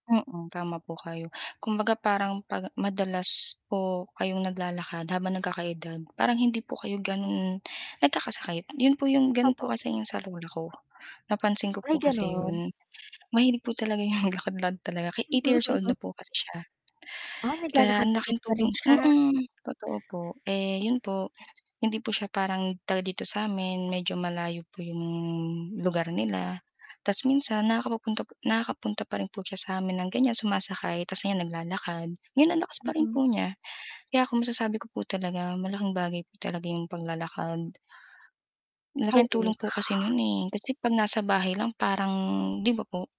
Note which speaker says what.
Speaker 1: Mm, tama po kayo. Kumbaga parang 'pag madalas po kayong naglalakad habang nagkaka-edad, parang hindi po kayo gano'n nagkakasakit, yun po yung gano'n po
Speaker 2: Opo.
Speaker 1: kasi 'yong sa lola ko. Napansin ko
Speaker 2: Ay,
Speaker 1: po kasi
Speaker 2: ganun.
Speaker 1: 'yon. Mahilig po talaga 'yon maglakad-lakad talaga kahit eighty-years-old na po kasi siya.
Speaker 2: Ay,
Speaker 1: Kaya ang
Speaker 2: naglalakad-lakad
Speaker 1: laking
Speaker 2: pa rin
Speaker 1: tulong
Speaker 2: siya.
Speaker 1: mm, totoo po. Eh, yun po, hindi po siya parang taga dito sa'min, medyo malayo po yung lugar nila ta's minsan nakakapu-punta po nakaka-punta pa rin po siya sa'min ng ganyan sumasakay ta's ngayon naglalakad. Ngayon anlakas pa rin
Speaker 2: Mm.
Speaker 1: po niya. Kaya kung masasabi ko po talaga malaking bagay po talaga yung paglalakad. Laking
Speaker 2: Oo.
Speaker 1: tulong po kasi nun, eh, kasi 'pag nasa bahay lang parang 'di ba po?